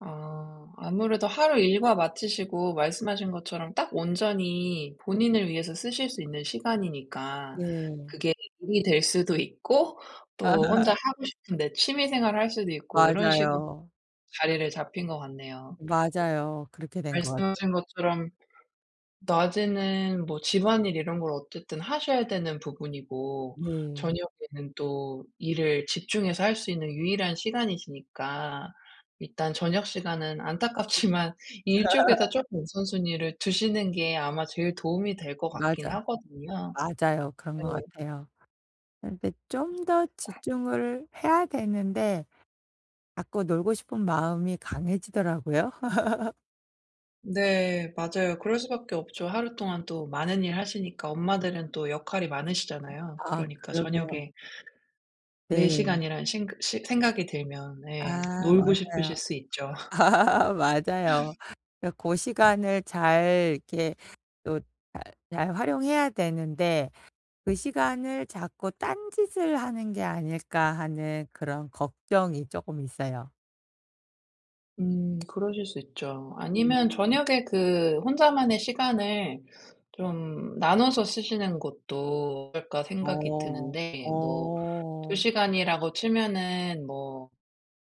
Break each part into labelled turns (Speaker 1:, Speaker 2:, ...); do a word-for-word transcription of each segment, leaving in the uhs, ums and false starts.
Speaker 1: 아. 아무래도 하루 일과 마치시고 말씀하신 것처럼 딱 온전히 본인을 위해서 쓰실 수 있는 시간이니까
Speaker 2: 네.
Speaker 1: 그게 일이 될 수도 있고 또 혼자 하고 싶은 데 취미 생활을 할 수도 있고 요런 식으로
Speaker 2: 맞아요.
Speaker 1: 자리를 잡힌 것 같네요.
Speaker 2: 맞아요. 그렇게 된 것 같아요.
Speaker 1: 말씀하신 것처럼 낮에는 뭐 집안일 이런 걸 어쨌든 하셔야 되는 부분이고
Speaker 2: 네.
Speaker 1: 저녁에는 또 일을 집중해서 할 수 있는 유일한 시간이시니까 일단 저녁 시간은 안타깝지만 일 쪽에다 쪼끔 우선순위를 두시는 게 아마 제일 도움이 될 것 같긴
Speaker 2: 맞아.
Speaker 1: 하거든요.
Speaker 2: 맞아요. 그런 것
Speaker 1: 네.
Speaker 2: 같아요. 근데 좀 더
Speaker 1: 아이코.
Speaker 2: 집중을 해야 되는데 자꾸 놀고 싶은 마음이 강해지더라고요.
Speaker 1: 네. 맞아요. 그럴 수밖에 없죠. 하루 동안 또 많은 일 하시니까 엄마들은 또 역할이 많으시잖아요.
Speaker 2: 아
Speaker 1: 그러니까
Speaker 2: 그러게요.
Speaker 1: 저녁에 내
Speaker 2: 네.
Speaker 1: 시간이라는 생각 시 생각이 들면 네
Speaker 2: 아.
Speaker 1: 놀고 싶으실
Speaker 2: 맞아요.
Speaker 1: 수 있죠.
Speaker 2: 맞아요. 그니까 고 시간을 잘 이렇게 또 잘 잘 활용해야 되는데 '그 시간을 자꾸 딴짓을 하는 게 아닐까.' 하는 그런 걱정이 쪼끔 있어요.
Speaker 1: 음. 그러실 수 있죠. 아니면
Speaker 2: 음.
Speaker 1: '저녁에 그 혼자만의 시간을 좀 나눠서 쓰시는 것도 어떨까.' 생각이
Speaker 2: 어.
Speaker 1: 드는데 뭐 두
Speaker 2: 어.
Speaker 1: 시간이라고 치면은 뭐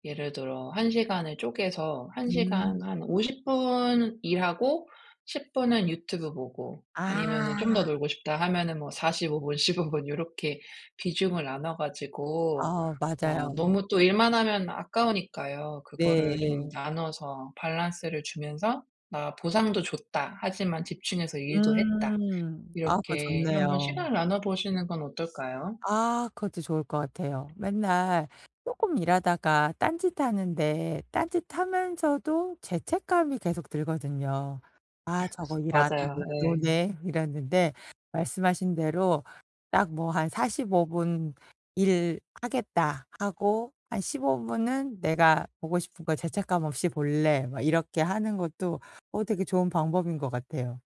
Speaker 1: 예를 들어 한 시간을 쪼개서 한
Speaker 2: 음.
Speaker 1: 시간 한 오십 분 일하고 십 분은 유튜브 보고 아니면은 좀 더
Speaker 2: 아.
Speaker 1: 놀고 싶다 하면은 뭐 사십오 분, 십오 분 요렇게 비중을 나눠 가지고
Speaker 2: 아
Speaker 1: 마
Speaker 2: 맞아요.
Speaker 1: 너무 또 일만 하면 아까우니까요. 그거를 좀
Speaker 2: 네.
Speaker 1: 나눠서 밸런스를 주면서 '나 보상도 줬다. 하지만 집중해서 일도 했다.'
Speaker 2: 음. 아 그거
Speaker 1: 이렇게 한번
Speaker 2: 좋네요.
Speaker 1: 시간을 나눠 보시는 건 어떨까요?
Speaker 2: 아. 그것도 좋을 것 같아요. 맨날 쪼끔 일하다가 딴짓하는데 딴짓하면서도 죄책감이 계속 들거든요. '아 저거 일 안 하고
Speaker 1: 맞아요.
Speaker 2: 그냥
Speaker 1: 예.
Speaker 2: 노네.' 이랬는데 말씀하신 대로 딱 뭐 한 '사십오 분 일 하겠다.' 하고 '한 십오 분은 내가 보고 싶은 거 죄책감 없이 볼래.' 막 이렇게 하는 것도 어 되게 좋은 방법인 것 같아요.